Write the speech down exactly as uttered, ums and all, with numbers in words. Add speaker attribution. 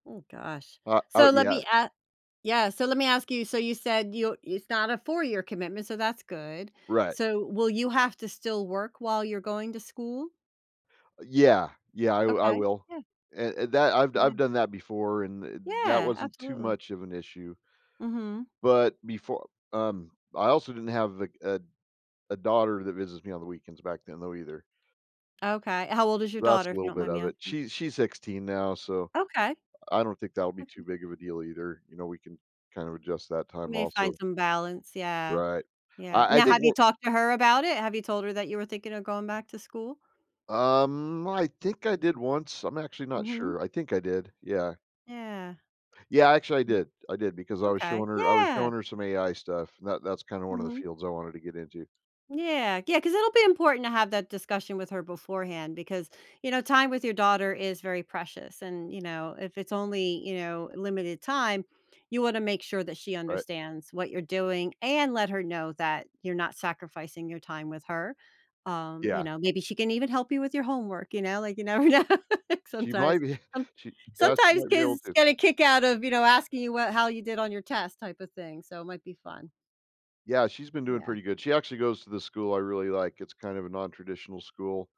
Speaker 1: Ooh gosh.
Speaker 2: Uh, oh
Speaker 1: So, let me
Speaker 2: yes.
Speaker 1: a yeah, so let me ask you, so you said you it's not a four year commitment, so that's good.
Speaker 2: Right.
Speaker 1: So, will you have to still work while you're going to school?
Speaker 2: Yeah. Yeah, I I
Speaker 1: Okay,
Speaker 2: will,
Speaker 1: yeah.
Speaker 2: and and that I've
Speaker 1: Yeah.
Speaker 2: I've done that before, and th that
Speaker 1: Yeah,
Speaker 2: wasn't too
Speaker 1: absolutely.
Speaker 2: much of an issue.
Speaker 1: Mhm.
Speaker 2: But befo um, I also didn't have a a a daughter that visits me on the weekends back then, though, either.
Speaker 1: Okay how old is your
Speaker 2: That's
Speaker 1: daughter,
Speaker 2: a
Speaker 1: if you
Speaker 2: little
Speaker 1: don't
Speaker 2: bit
Speaker 1: mind me
Speaker 2: of it,
Speaker 1: asking?
Speaker 2: she's she's sixteen now, so,
Speaker 1: Okay.
Speaker 2: I don't think that'll be
Speaker 1: Okay.
Speaker 2: too big of a deal either, you know, we can kind of adjust that
Speaker 1: We
Speaker 2: time,
Speaker 1: may find
Speaker 2: also.
Speaker 1: some balance, yeah.
Speaker 2: Right.
Speaker 1: Yeah
Speaker 2: I I
Speaker 1: now,
Speaker 2: think,
Speaker 1: have you
Speaker 2: onc
Speaker 1: talked to her about it? Have you told her that you were thinking of going back to school?
Speaker 2: Um, I think I did once, I'm actually not
Speaker 1: Mhm.
Speaker 2: sure. I think I did, yeah.
Speaker 1: Yeah.
Speaker 2: Yeah, actually I did, I did, because I
Speaker 1: Ma
Speaker 2: was
Speaker 1: okay,
Speaker 2: showing her I was
Speaker 1: yeah.
Speaker 2: showing her some AI stuff, and that that's kinda one of the
Speaker 1: Mhm.
Speaker 2: fields I wanted to get into.
Speaker 1: Yeah, yeah, 'cause it'll be important to have that discussion with her beforehand, because, you know, time with your daughter is very precious and, you know, if it's only, you know, limited time, you wanna make sure that she
Speaker 2: Right.
Speaker 1: understands what you're doing, and let her know that you're not sacrificing your time with her. Um, you
Speaker 2: Yeah.
Speaker 1: know, maybe she can even help you with your homework, you know, like, you never know,
Speaker 2: She
Speaker 1: sometimes,
Speaker 2: might be
Speaker 1: um
Speaker 2: she yeah, she
Speaker 1: sometimes
Speaker 2: might be able
Speaker 1: kids
Speaker 2: to.
Speaker 1: get a kick out of, you know, asking you wh how you did on your test type of thing, so it might be fun.
Speaker 2: Yeah, she's been doing
Speaker 1: Yeah.
Speaker 2: pretty good. She actually goes to the school, I really like, it's kind of a non-traditional school.